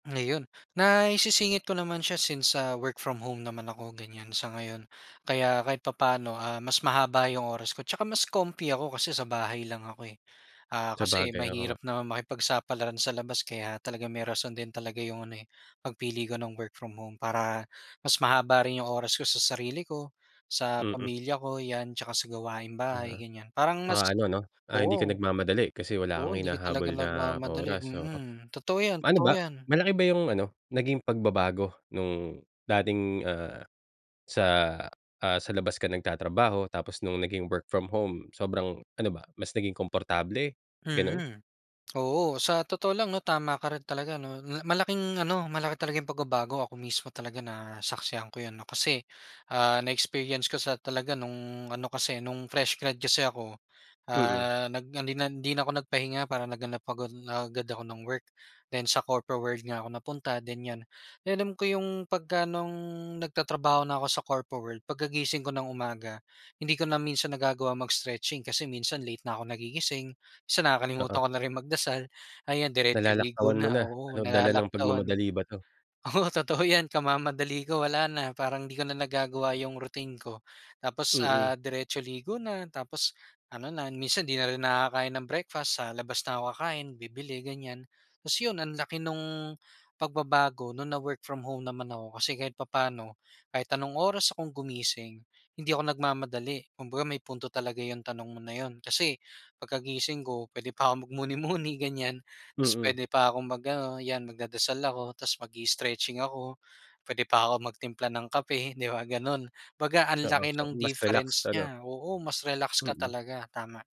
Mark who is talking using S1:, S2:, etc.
S1: Ngayon, naisisingit ko naman siya, since sa work from home naman ako, ganiyan, sa ngayon. Kaya kahit papa'no, ah, mas mahaba yung oras ko tsaka mas comfy ako kasi sa bahay lang ako, eh. Ah, kasi
S2: Sabagay, oo nga.
S1: mahirap naman makipagsapalaran sa labas kaya talagang may rason din talaga yung ano, eh, pagpili ko ng work from home para mas mahaba rin yung oras ko sa sarili ko, sa
S2: Mm.
S1: pamilya ko, 'yan. Tsaka sa gawaing
S2: Oo,
S1: bahay, ganiyan. Parang
S2: tsaka
S1: mas
S2: ano 'no, ah, hindi ka
S1: oo.
S2: nagmamadali kasi wala
S1: Oo,
S2: kang
S1: hindi ka talaga
S2: hinahabol na
S1: nagmamadali.
S2: oras, oo.
S1: Mm, totoo 'yan,
S2: Ano
S1: totoo
S2: ba,
S1: 'yan.
S2: malaki ba yung ano, naging pagbabago nung dating, ah, sa ah, sa labas ka nagtatrabaho tapos nung naging work from home, sobrang ano ba, mas naging komportable, gano'n?
S1: Mm, oo. Sa totoo lang 'no, tama ka rin talaga 'no, na malaking ano, malaki talaga yung pagbabago. Ako mismo talaga nasaksihan ko 'yan 'no, kasi, ah, na-experience ko sa talaga nung ano, kasi nung fresh grad kasi ako,
S2: Mm.
S1: ah, nag hindi na hindi na ako nagpahinga. Parang naghanap agad agad ako ng work. Then sa corpo world nga ako napunta, ganiyan. Alam ko yung pagka nung nagtatrabaho na ako sa corpo world, pagkagising ko ng umaga, hindi ko na minsan nagagawa mag-stretching kasi minsan, late na ako nagigising. Minsan, nakakalimutan
S2: Oo.
S1: ko na rin magdasal, ayan diretso ligo
S2: Nalalaktawan mo
S1: na.
S2: na.
S1: Oo,
S2: Ano, dala ng
S1: nalalaktawan.
S2: pagmamadali ba 'to?
S1: Oo, totoo 'yan, kamamadali ko, wala na, parang 'di ko na nagagawa yung routine ko. Tapos,
S2: Mm.
S1: ah, diretso ligo na. Tapos ano na, minsan 'di na rin nakakain ng breakfast. Sa labas na ako kakain, bibili, ganiyan. Ta's yun, ang laki nung pagbabago nung na work from home naman ako kasi kahit papa'no, kahit anong oras akong gumising, hindi ako nagmamadali. Kumbaga may punto talaga yung tanong mo na yun, kasi pagkagising ko, puwede pa akong magmuni-muni, ganiyan. Tapos
S2: Mm.
S1: puwede pa akong mag-ano, 'yan magdadasal ako ta's mag-i-stretching ako. Puwede pa ako magtimpla ng kape di ba, gano'n. 'Baga ang
S2: Oo,
S1: laki
S2: so
S1: nung
S2: mas relax
S1: difference
S2: ano?
S1: niya. Oo, mas relax ka
S2: Mm.
S1: talaga. Tama.